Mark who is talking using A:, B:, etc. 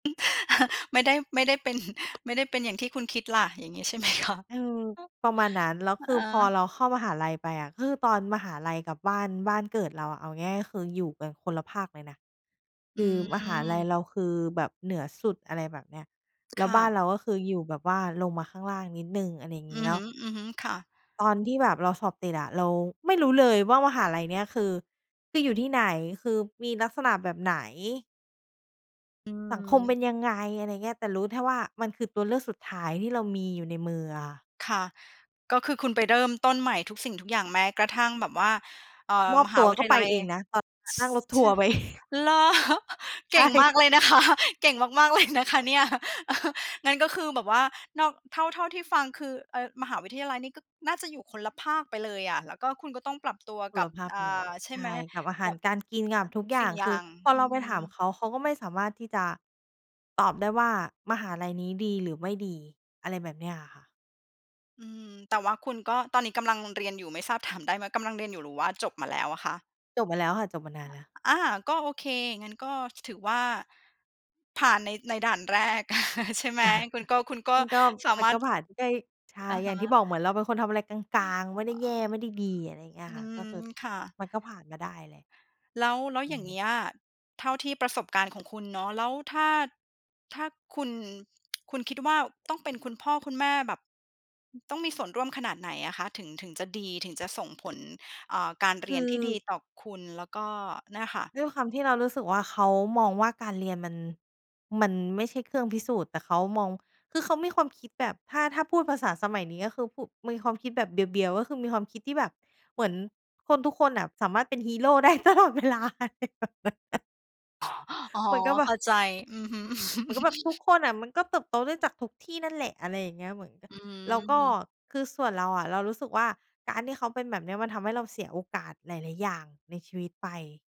A: ไม่ได้ ไม่ได้เป็น ไม่ได้เป็นอย่างที่คุณคิดล่ะ อย่างงี้ใช่ ไหมคะ?
B: เออ ประมาณนั้น แล้วคื
A: เอ
B: อพ
A: อ
B: อเราเข้ามหาลัยไปอะ คือตอนมหาลัยกับบ้าน บ้านเกิดเราอะ เอาง่าย ๆ ก็คืออยู่กันคนละภาคเลยนะ ค
A: อื
B: ือมหาลัย
A: ม
B: เราคือแบบเหนือสุด อะไรแบบเนี้ย แล
A: ค
B: ้ว
A: ่
B: บ้าน
A: ะ
B: เรา ก็คือ อยู่แบบว่าลงมาข้างล่างนิดหนึ่ง อะไรอย่างง
A: อ
B: ี้
A: ือ
B: แล้
A: ฮ
B: ว
A: ึ ๆ ค่ะ
B: ตอนที่แบบเราสอบติดอะ เราไม่รู้เลยว่า มหาลัยเนี้ยคือ คืออยู่ที่ไหน? คือมีลักษณะแบบไหน?
A: อื
B: สังคมเป็
A: ม
B: นยังไง? อะไรอย่างเงี้ย แต่รู้แท่ว่า มันคือตัวเลือกสุดท้ายที่เรามีอยู่ในมืออะค่ะ
A: ค่ะ ก็คือ คุณไปเริ่มต้นใหม่ทุกสิ่งทุกอย่าง แม้กระทั่งแบบว่า เออ
B: มอ
A: ม
B: บ
A: ห
B: ต
A: า
B: ัว
A: วิ
B: ก
A: ท
B: ็
A: ย
B: ไป
A: าลัย
B: เองนะ ตอนนั้นอะ
A: ส
B: นั่งรถท
A: ช
B: ัวร
A: ะ
B: ์ไป
A: เหรอ?
B: ใ
A: เ
B: ช
A: ก่งมา
B: ่
A: กเลยนะ คะ เก่งมาก ๆ เลย นะคะเนี่ย งั้นก็คือ แบบว่า นอก เท่า เท่าที่ฟัง คือ เออ มหาวิทยาลัยนี่ก็น่าจะอยู่คนละภาคไปเลยอะ แล้วก็ คุณก็ต้องปรับตัว
B: ค
A: ก
B: น
A: ั
B: ล
A: บ
B: ะภาค
A: อ
B: ไป
A: ่
B: เลย
A: า ใช่
B: ใช
A: มั
B: ่
A: ้ย
B: กับอาห
A: ก
B: า
A: ั
B: ร
A: บ
B: การกิน กั
A: อ
B: บ
A: ะ
B: ทุ
A: ท
B: ก
A: ุก
B: อย
A: ส
B: ่
A: ิ
B: า
A: ่ง
B: ง
A: อย
B: คื
A: ่
B: อ
A: าง
B: พอ
A: อ
B: เ
A: ื
B: ราไปถาม
A: ม
B: เขา เขาก็ไม่สามารถที่จะตอบได้ว่า มหาลัยนี้ดีหรือไม่ดี อะไรแบบเนี้ยอะค่ะ
A: อืม แต่ว่าคุณก็ ตอนนี้กำลังเรียนอยู่ ไม่ทราบถามได้ไหม กำลังเรียนอยู่หรือว่าจบมาแล้วอะคะ?
B: จบมาแล้วค่ะ จบมานา
A: อ
B: น
A: ะ
B: แล้ว
A: อะ อา ก็โอเค งั้นก็ ถ ถือว่าผ่านใน ในด่านแรก ใช่ไหม คุณก็ คุณก็
B: มันก็
A: สา
B: มั
A: ม
B: น
A: าร
B: ก็
A: ถ
B: ผ่านไป ก็ยิ ใช่
A: อะ
B: อย
A: ฮ
B: ่างที่บ
A: ะ
B: อก เหมือนเราเป็นคนทำอะไรก
A: อื
B: ลาง ๆ ไม่ได้แย่ ไม่ได้ดี อะไรอย่างเงี้ยค่ะ ก็
A: ม
B: คือ
A: ค่ะ
B: มันก็ผ่านมาได้แหละ
A: แล้ว แล้ว
B: อื
A: อย่างเ
B: ม
A: งี้ย เท่าที่ประสบการณ์ของคุณเนาะ แล้วถ้า ถ้าคุณ คุณคิดว่าต้องเป็นคุณพ่อคุณแม่ แบบต้องมีส่วนร่วมขนาดไหนอะคะ? ถึง ถึงจะดี ถึงจะส่งผล อ่า การเ
B: ค
A: ร
B: ื
A: ี
B: อ
A: ยนที่ดีต่อคุณ แล้วก็เนี่ยค่ะ
B: ด้วยความที่เรารู้สึกว่า เขามองว่าการเรียนมัน มันไม่ใช่เครื่องพิสูจน์ แต่เขามอง คือเขามีความคิดแบบ ถ้า ถ้าพูดภาษาสมัยนี้ ก็คือ พุ่ มีความคิดแบบเบียว ๆ ก็คือ มีความคิดที่แบบ เหมือนคนทุกคนอะสามารถเป็นฮีโร่ ได้ตลอดเวลา อะไรแบบนั้นน่ะ
A: อ๋อ
B: เหมือนกับแบ
A: เข้
B: บ
A: าใจ อือฮึ
B: เหมือนกับแบบทุกคนอะมันก็เติบโตได้จากทุกที่นั่นแหละ อะไรอย่างเงี้ย เหมือนกัน
A: อ
B: แล้วก็
A: ืม
B: คือส่วนเราอะ เรารู้สึกว่า การที่เขาเป็นแบบเนี้ย มันทำให้เราเสียโอกาสหลาย ๆ อย่างในชีวิตไป